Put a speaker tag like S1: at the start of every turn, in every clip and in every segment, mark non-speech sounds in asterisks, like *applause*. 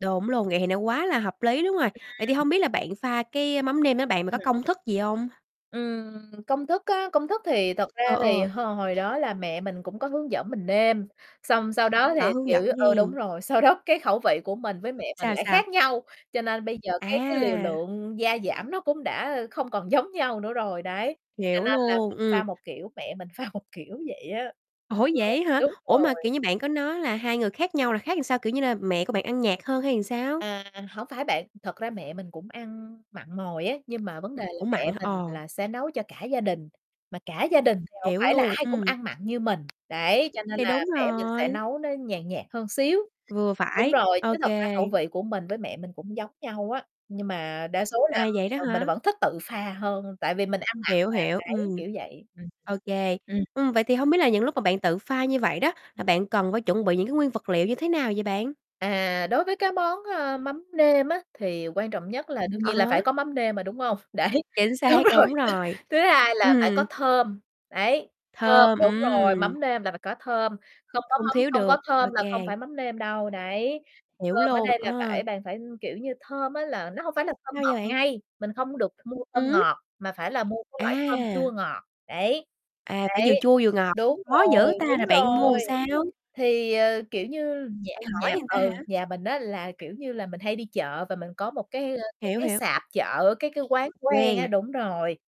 S1: Đúng luôn, vậy thì nó quá là hợp lý luôn rồi. Vậy thì
S2: Ừm.
S1: hông biết là bạn pha cái mắm nêm á bạn, mà có
S2: Ừm.
S1: công thức gì hông?
S2: Ừm, công thức á, công thức thì thật ra
S1: Ờ,
S2: thì
S1: ờ.
S2: h hồi đó là mẹ mình cũng có hướng dẫn mình nêm. Xong, sau đó
S1: Có
S2: thì,
S1: hướng dẫn
S2: kiểu ừ, đúng
S1: nghen.
S2: rồi, sau đó cái khẩu vị của mình với mẹ mình
S1: Sao,
S2: lại
S1: sao?
S2: khác nhau. Cho nên bây giờ, cái cái liều
S1: À!
S2: lượng gia giảm nó cũng đã không còn giống nhau nữa rồi, đấy. Cho
S1: Hiểu
S2: nên là
S1: luôn,
S2: pha
S1: ừm.
S2: một kiểu, mẹ mình pha một kiểu, vậy á.
S1: Ủa,
S2: Ừ,
S1: vậy á hả?
S2: đúng
S1: Ủa mà,
S2: rồi.
S1: kiểu như, bạn có nói là hai người khác nhau là khác sao, kiểu như, là mẹ của bạn ăn nhạt hơn hay là sao?
S2: À, hổng phải bạn, thật ra mẹ mình cũng ăn mặn mòi á. Nhưng mà vấn đề là
S1: Cũng mặn
S2: mẹ
S1: hả?
S2: mình
S1: Ờ.
S2: là sẽ nấu cho cả gia đình, mà cả gia đình thì hổng
S1: Hiểu
S2: phải là
S1: luôn,
S2: ai cũng
S1: ừm.
S2: ăn mặn như mình, đấy, cho nên
S1: Thì
S2: là
S1: đúng
S2: mẹ mình sẽ
S1: rồi.
S2: nấu nó nhàn nhạt hơn xíu.
S1: Vừa
S2: Đúng
S1: phải,
S2: rồi,
S1: ô
S2: chứ thật ra khẩu
S1: kê.
S2: vị của mình với mẹ mình cũng giống nhau á. Nhưng mà đa số là,
S1: À, vậy đó
S2: ờ, mình
S1: hả?
S2: vẫn thích tự pha hơn, tại vì mình ăn mặn
S1: Hiểu, hiểu,
S2: mà, đấy,
S1: ừm.
S2: kiểu vậy. Ừm,
S1: Ô kê,
S2: ừm.
S1: ừm, vậy thì hông biết là những lúc mà bạn tự pha như vậy đó, là bạn cần phải chuẩn bị những cái nguyên vật liệu như thế nào vậy bạn?
S2: À, đối với cái món, ơ, mắm nêm á, thì quan trọng nhất là đương
S1: Ờ
S2: nhiên là phải
S1: há.
S2: có mắm nêm mà, đúng hông? Đấy,
S1: Chính
S2: đúng
S1: xác,
S2: rồi,
S1: đúng
S2: *laughs*
S1: rồi.
S2: thứ hai là phải có
S1: Ừm.
S2: thơm, đấy, thơm
S1: Thơm,
S2: đúng rồi,
S1: ừm.
S2: mắm nêm là phải có thơm, không có
S1: Không
S2: mắm
S1: thiếu
S2: không có
S1: được, ô
S2: thơm là không
S1: kê.
S2: phải mắm nêm đâu, đấy.
S1: Hiểu
S2: Thơm ở
S1: luôn,
S2: đây là
S1: ờ.
S2: phải bạn phải kiểu như, thơm á là nó hổng phải là thơm
S1: Sao vậy
S2: ngọt
S1: bạn?
S2: ngây, mình không có được mua thơm
S1: Ừm.
S2: ngọt, mà phải là mua cái loại thơm chua
S1: À.
S2: ngọt. Đấy,
S1: À, phải vừa
S2: đấy,
S1: chua vừa ngọt,
S2: đúng
S1: khó
S2: rồi,
S1: dữ ta,
S2: đúng
S1: là bạn mua làm
S2: rồi.
S1: sao?
S2: Thì, ờ, kiểu như, nhà
S1: Bạn hỏi
S2: nhà
S1: người ta
S2: ừ,
S1: hả?
S2: nhà mình á là, kiểu như là, mình hay đi chợ và mình có một cái, ơ, cái
S1: Hiểu,
S2: cái
S1: hiểu.
S2: sạp chợ, cái cái quán quen á,
S1: Quen.
S2: đúng rồi.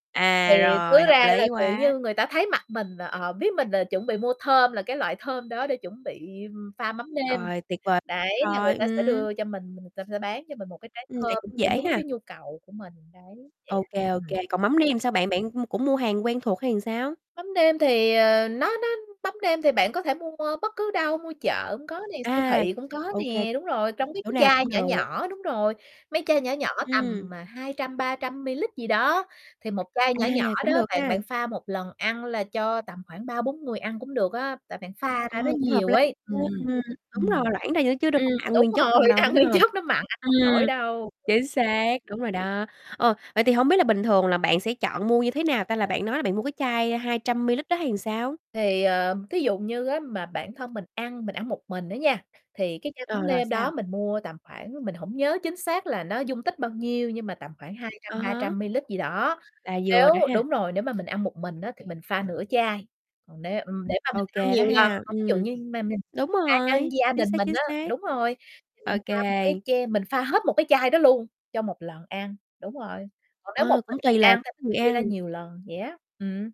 S2: Thì
S1: À, rồi,
S2: cứ
S1: hợp
S2: ra là,
S1: lý
S2: kiểu
S1: quá.
S2: như, người ta thấy mặt mình là, ờ, biết mình là chuẩn bị mua thơm, là cái loại thơm đó để chuẩn bị, ưm, pha mắm nêm.
S1: Rồi, tuyệt vời
S2: Đấy, là
S1: quá
S2: người
S1: rồi,
S2: ta sẽ
S1: ừm.
S2: đưa cho mình, người ta sẽ bán cho mình một cái trái
S1: Ừm, vậy
S2: thơm
S1: cũng
S2: để
S1: dễ
S2: đúng
S1: ha.
S2: cái nhu cầu của mình. Đấy, vậy
S1: Ô
S2: á,
S1: kê, ô
S2: ừm.
S1: kê, còn mắm nêm thì sao bạn? Bạn, ưm, cũng mua hàng quen thuộc hay sao?
S2: Mắm nêm thì, ờ, nó nó mắm nêm thì bạn có thể mua bất cứ đâu, mua chợ cũng có nè, siêu
S1: À,
S2: thị cũng có
S1: ô kê,
S2: nè. Đúng rồi, trong mấy
S1: chỗ
S2: cái
S1: nào
S2: chai
S1: cũng
S2: nhỏ
S1: được.
S2: nhỏ. Đúng rồi, mấy chai nhỏ nhỏ
S1: Ừm.
S2: tầm 200-300 mililít gì đó, thì một chai
S1: À,
S2: nhỏ nhỏ đó
S1: cũng được
S2: bạn
S1: ha.
S2: bạn pha một lần ăn là cho tầm khoảng 3-4 người ăn cũng được á. Tại bạn pha
S1: Ờ,
S2: ra nó
S1: cũng hợp
S2: nhiều
S1: lý
S2: ấy.
S1: nha.
S2: Ừm,
S1: Ừm, đúng rồi,
S2: ừm,
S1: loãng ra nữa chứ đâu
S2: ừm,
S1: phải là ăn
S2: đúng
S1: nguyên chất không
S2: rồi,
S1: đâu,
S2: ăn
S1: đúng
S2: nguyên
S1: hông?
S2: chất nó mặn ăn hông nổi
S1: Ừm,
S2: đâu.
S1: chính xác, đúng rồi đó. Ờ, vậy thì hổng biết là bình thường là bạn sẽ chọn mua như thế nào ta, là bạn nói là bạn mua cái chai 200 mililít đó hay sao?
S2: Thì, ờm, thí dụ như á mà bản thân mình ăn, mình ăn một mình á nha, thì cái chai mắm
S1: Ờ, rồi
S2: nêm đó
S1: sao?
S2: mình mua tầm khoảng mình hổng nhớ chính xác là nó dung tích bao nhiêu, nhưng mà tầm khoảng hai trăm
S1: Ờ
S2: ba
S1: há.
S2: trăm mililít gì đó.
S1: Là
S2: Nếu
S1: vừa rồi ha.
S2: đúng rồi, nếu mà mình ăn một mình á thì mình pha nửa chai. Còn nếu ừm, để mà mình
S1: Ô
S2: ăn
S1: kê, đó
S2: nhiều lần,
S1: ha,
S2: mà ví dụ
S1: ừm.
S2: như mà mình
S1: Đúng
S2: pha cho
S1: rồi,
S2: gia
S1: chính
S2: đình
S1: xác,
S2: mình
S1: chính
S2: á
S1: xác.
S2: đúng rồi, thì
S1: Ô
S2: mình pha một cái
S1: kê.
S2: che mình pha hết một cái chai đó luôn cho một lần ăn, đúng rồi. Còn nếu một
S1: Ờ, cũng
S2: mình mình
S1: tùy là
S2: ăn thì mình
S1: người
S2: chia ra
S1: ăn.
S2: nhiều lần vậy á, ừm.